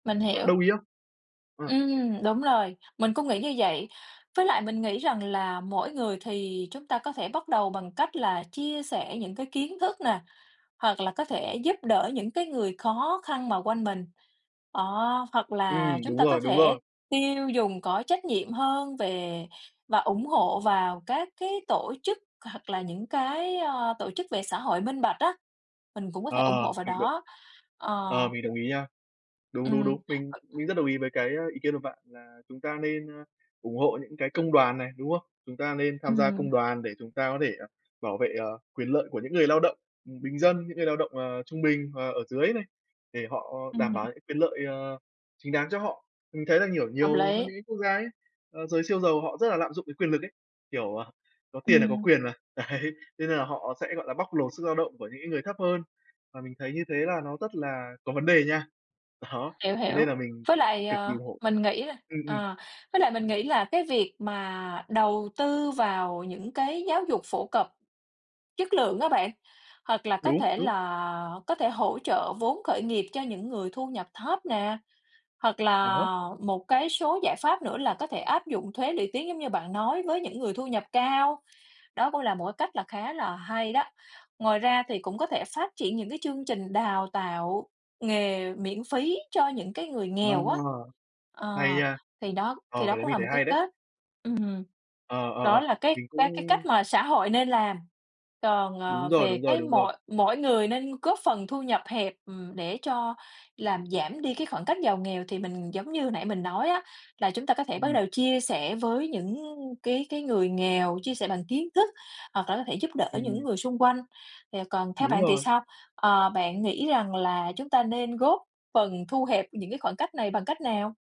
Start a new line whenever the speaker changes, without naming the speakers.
Mình
Bạn
hiểu.
đồng ý không? Ờ.
Ưm, đúng rồi. Mình cũng nghĩ như vậy, với lại mình nghĩ rằng là mỗi người thì chúng ta có thể bắt đầu bằng cách là chia sẻ những cái kiến thức nè, hoặc là có thể giúp đỡ những cái người khó khăn mà quanh mình. Đó, hoặc là
Ừm,
chúng
đúng
ta có
rồi, đúng
thể
rồi.
tiêu dùng có trách nhiệm hơn về và ủng hộ vào các cái tổ chức hoặc là những cái, ơ, tổ chức về xã hội minh bạch á, mình cũng có thể ủng
Ờ,
hộ vào
mình động
đó, ờ.
ờ, mình đồng ý nha. Đúng, đúng,
Ừm.
đúng, mình mình rất đồng ý với cái, a, ý kiến của bạn là chúng ta nên, a, ủng hộ những cái công đoàn này, đúng không? Chúng ta nên tham gia
Ừm.
công đoàn để chúng ta có thể bảo vệ, ờ, quyền lợi của những người lao động, ừm, bình dân, những người lao động, ờ, trung bình và ở dưới này, để họ đảm bảo
Ừm.
những quyền lợi, ờ, chính đáng cho họ. Mình thấy là, kiểu,
Hợp
nhiều có
lý.
những cái quốc gia ấy, ờ, giới siêu giàu họ rất là lạm dụng cái quyền lực ấy, kiểu, ờ, có tiền là có
Ừm.
quyền mà, đấy, thế nên là họ sẽ, gọi là, bóc lột sức lao động của những cái người thấp hơn, và mình thấy như thế là nó rất là có vấn đề nha. Đó,
Hiểu,
thế
hiểu.
nên là mình
Với lại,
cực kỳ
ờ,
ủng hộ
mình nghĩ là
ừm, ừm.
ờ, với lại mình nghĩ là cái việc mà đầu tư vào những cái giáo dục phổ cập chất lượng á bạn, hoặc là có
Đúng,
thể
đúng.
là có thể hỗ trợ vốn khởi nghiệp cho những người thu nhập thấp nè, hoặc
Ờ hớ.
là một cái số giải pháp nữa là có thể áp dụng thuế lũy tiến giống như bạn nói với những người thu nhập cao, đó cũng là một cái cách là khá là hay đó. Ngoài ra thì cũng có thể phát triển những cái chương trình đào tạo nghề miễn phí cho những cái người nghèo
Đúng
á,
rồi. Hay
ờ,
nha.
thì đó
Ờ,
thì đó
cái đấy
cũng
mình
là
thấy
một cái
hay đấy.
cách ừm,
Ờ, ờ,
đó
ờ,
là cái
mình
cái cái
cũng
cách mà xã hội nên làm. Còn,
Đúng
ờ,
rồi,
về
đúng rồi,
cái
đúng rồi.
mỗi mỗi người nên góp phần thu nhập hẹp, ừm, để cho làm giảm đi cái khoảng cách giàu nghèo thì mình giống như nãy mình nói á, là chúng ta có thể bắt
Ừm.
đầu chia sẻ với những cái cái người nghèo, chia sẻ bằng kiến thức hoặc là có thể giúp đỡ
Ừm.
những người xung quanh. Thì, à, còn theo
Đúng
bạn thì
rồi.
sao? Ờ, bạn nghĩ rằng là chúng ta nên góp phần thu hẹp những cái khoảng cách này bằng cách nào?